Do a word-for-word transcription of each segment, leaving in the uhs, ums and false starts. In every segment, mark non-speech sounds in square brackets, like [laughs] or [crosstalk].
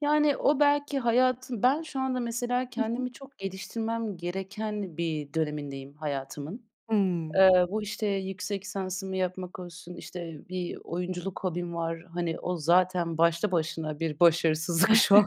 Yani, o belki hayatın Ben şu anda, mesela, Hı hı. kendimi çok geliştirmem gereken bir dönemindeyim hayatımın. Hımm. Eee, bu, işte, yüksek lisansımı yapmak olsun, işte, bir oyunculuk hobim var. Hani, o zaten başlı başına bir başarısızlık şu an.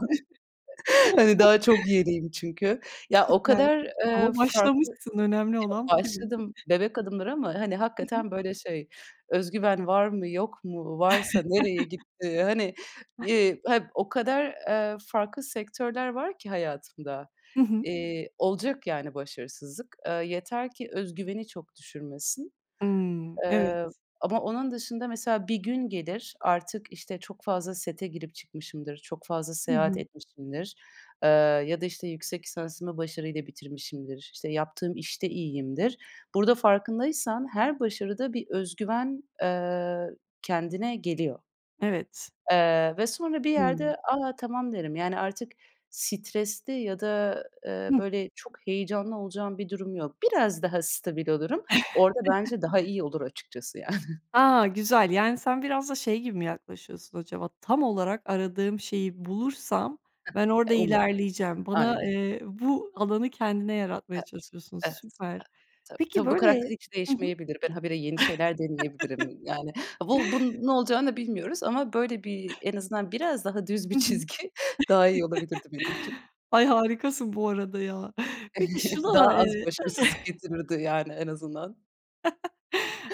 Hani, daha çok yeniyim çünkü. Ya, o Süper kadar, eee, ama farklı başlamışsın. Önemli [unintelligible] olan bu gibi. başladım, bebek adımları ama, hani, Hı hı. hakikaten böyle şey, öz güven var mı, yok mu, varsa nereye [chuckles] gitti, hani, eee, ha o kadar, eee, farklı sektörler var ki hayatımda, Hı hı. eee, olacak yani başarısızlık. Eee, yeter ki öz güveni çok düşürmesin, Hımm. Evet. eee, ama onun dışında, mesela, bir gün gelir, artık, işte, çok fazla sete girip çıkmışımdır, çok fazla Hı seyahat hı. etmişimdir, eee, ya da, işte, yüksek lisansımı başarıyla bitirmişimdir, işte, yaptığım işte iyiyimdir. Burada farkındaysan her başarıda bir öz güven, eee, kendine geliyor. Evet. Eee, ve sonra bir Hımm. yerde, "A, tamam." derim. Yani, artık stresli ya da, Hı eee, hı. böyle çok heyecanlı olacağım bir durum yok. Biraz daha stabil olurum. Orada bence daha [chuckles] iyi olur açıkçası yani. A! Güzel, yani, sen biraz da şey gibi mi yaklaşıyorsun acaba? Tam olarak aradığım şeyi bulursam ben orada Umarım. ilerleyeceğim. Bana, Aynen. eee, bu alanı kendine yaratmaya Evet, çalışıyorsun, evet, evet. süper. Tabii, Peki, tabii, bu böyle karakter hiç Hı hı. değişmeyebilir. Ben habire yeni şeyler deneyebilirim. Yani, [laughs] bu bunun ne olacağını bilmiyoruz ama böyle bir, en azından, biraz daha düz bir Hı hı. çizgi daha iyi olabilirdi benim için. [chuckles] Ay, harikasın bu arada ya. Peki, şuna, Daha az eee başarısızlık [chuckles] getirirdi, yani, en azından. [chuckles]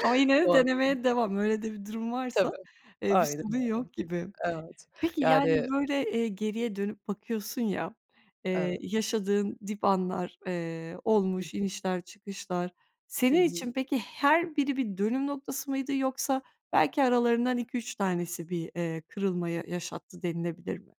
Ama yine O de anı denemeye devam. Öyle de bir durum varsa, Tabii, eee, bir aynen sorun öyle. yok gibi. Evet. Peki, Yani yani, böyle, eee, geriye dönüp bakıyorsun ya, eee, Evet. yaşadığın dip anlar, eee, Hıh. olmuş, inişler çıkışlar. Hı Senin hı. için peki, her biri bir dönüm noktası mıydı? Yoksa belki aralarından iki üç tanesi bir, eee, kırılma yaşattı denilebilir mi?